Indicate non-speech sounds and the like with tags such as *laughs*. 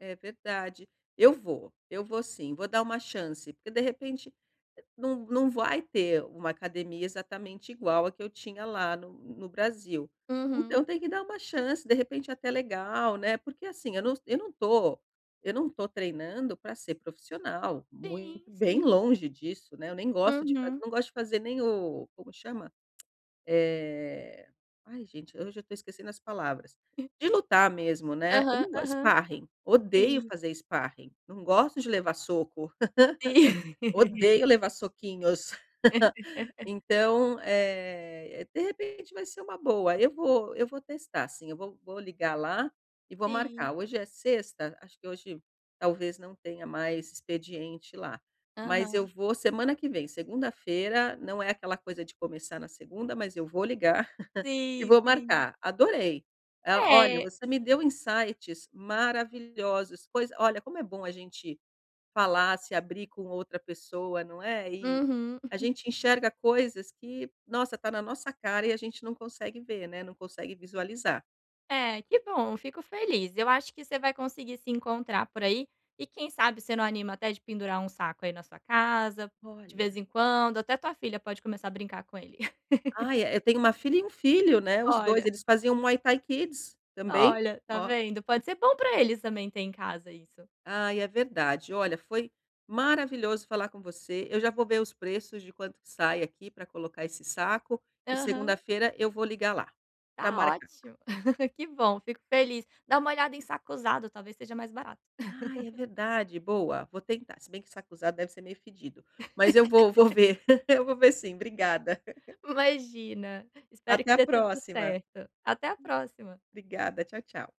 É verdade, eu vou eu vou sim, vou dar uma chance, porque de repente não não vai ter uma academia exatamente igual a que eu tinha lá no no Brasil. Uhum. Então tem que dar uma chance, de repente até legal, né, porque assim, eu não eu não estou eu não estou treinando para ser profissional, Sim, muito bem sim. longe disso né, eu nem gosto de Uhum. não gosto de fazer nem o como chama? *clicks tongue* Eh, ai gente, hoje eu estou esquecendo as palavras, *chuckles* de lutar mesmo né, eu Aham, não gosto, aham. Sparring odeio Sim. fazer Sparring não gosto de levar soco, *laughs* Sim. *laughs* odeio levar soquinhos. *chuckles* *laughs* Então, eh, de repente vai ser uma boa, eu vou eu vou testar sim, eu vou vou ligar lá, e vou Sim. marcar, hoje é sexta, acho que hoje talvez não tenha mais expediente lá. Mas eu Aham. vou semana que vem, segunda-feira, não é aquela coisa de começar na segunda, mas eu vou ligar, *laughs* e Sim, vou sim. marcar, adorei, ah, olha É. você me deu insights maravilhosos, coisa olha como é bom a gente falar, se abrir com outra pessoa, não é? E Uhum. a *chuckles* gente enxerga coisas que, nossa, está na nossa cara e a gente não consegue ver né, não consegue visualizar. É, que bom, fico feliz, eu acho que você vai conseguir se encontrar por aí, e quem sabe você não anima até de pendurar um saco aí na sua casa, de Olha. vez em quando, até tua filha pode começar a brincar com ele. *laughs* Ai, eu tenho uma filha e um filho né, os 2 Olha. eles faziam no Muay-Tai Kids, também, Olha, tá ó. vendo? *chuckles* Pode ser bom para eles também ter em casa isso. Ai é verdade, olha, foi maravilhoso falar com você, eu já vou ver os preços de quanto que sai aqui para colocar esse saco, e Aham. segunda-feira eu vou ligar lá para Tá marcar. ótimo, *chuckles* que bom fico feliz, dá uma olhada em saco usado talvez seja mais barato. Ai é *chuckles* verdade, boa, vou tentar, se bem que saco usado deve ser meio fedido. Mas eu vou vou *laughs* ver, eu vou ver sim, obrigada. *laughs* Imagina, espero Até que a dê tudo próxima. certo, até a próxima. Obrigada, tchau tchau.